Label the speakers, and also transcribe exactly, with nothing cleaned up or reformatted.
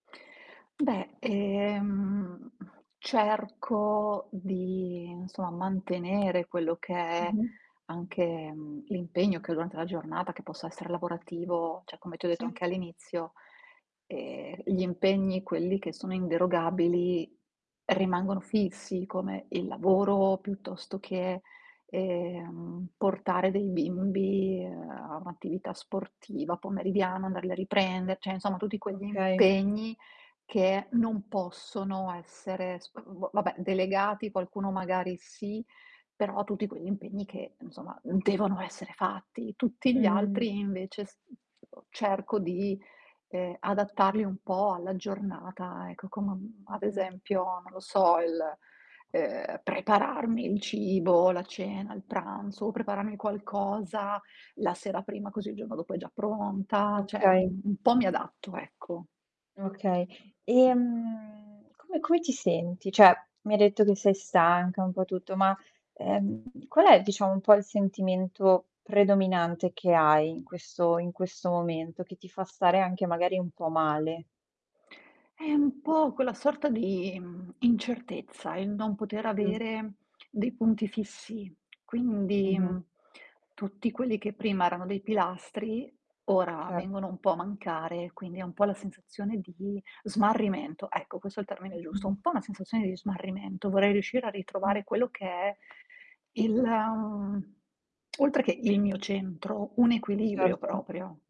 Speaker 1: Beh, ehm, cerco di, non so, mantenere quello che è
Speaker 2: Mh-mh.
Speaker 1: anche, mhmm, l'impegno che ho durante la giornata, che possa essere lavorativo, ceh come ti ho detto
Speaker 2: Sì.
Speaker 1: anche all'inizio, ehm, gli impegni, quelli che sono inderogabili rimangono fissi, come il lavoro, piuttosto che, ehm, portare dei bimbi a un'attività sportiva pomeridiana, andarli a riprende, ceh insomma tutti quegli
Speaker 2: Okay.
Speaker 1: impegni che non possono essere sp mhmm, boh, vabbè, delegati, qualcuno magari sì, però tutti quegli impegni che insomma, uhm, devono essere fatti. Tutti gli
Speaker 2: Mh.
Speaker 1: altri invece s uhm, [unintelligible] cerco di, ehm, adattarli un po' alla giornata, ecco, come am ad
Speaker 2: Mh-mh.
Speaker 1: esempio, non lo so, il, ehm, prepararmi il cibo, la cena, il pranzo, prepararmi qualcosa la sera prima, così il giorno dopo è già
Speaker 2: Eh,
Speaker 1: pronta, ceh u
Speaker 2: okay.
Speaker 1: u un po' mi adatto, ecco.
Speaker 2: Okay. Ehm, come come ti senti? ceh mi hai detto che sei stanca, un po' tutto, ma, ehm, qual è diciamo un po' il sentimento predominante che hai in questo in questo momento, che ti fa stare anche magari un po' male?
Speaker 1: È un po' quella sorta di mhmm, incertezza, il non poter
Speaker 2: Mh-mh.
Speaker 1: avere dei punti fissi. Quindi
Speaker 2: Mh-mh.
Speaker 1: tutti quelli che prima erano dei pilastri ora vengono
Speaker 2: Certo.
Speaker 1: un po' a mancare, quindi è un po' la sensazione di smarrimento. Ecco, questo è il termine giusto, un
Speaker 2: Mh-mh.
Speaker 1: po' una sensazione di smarrimento. Vorrei riuscire a
Speaker 2: Mh.
Speaker 1: ritrovare quello che è il, mhmm, oltre che il mio centro, un equilibrio,
Speaker 2: Certo.
Speaker 1: proprio.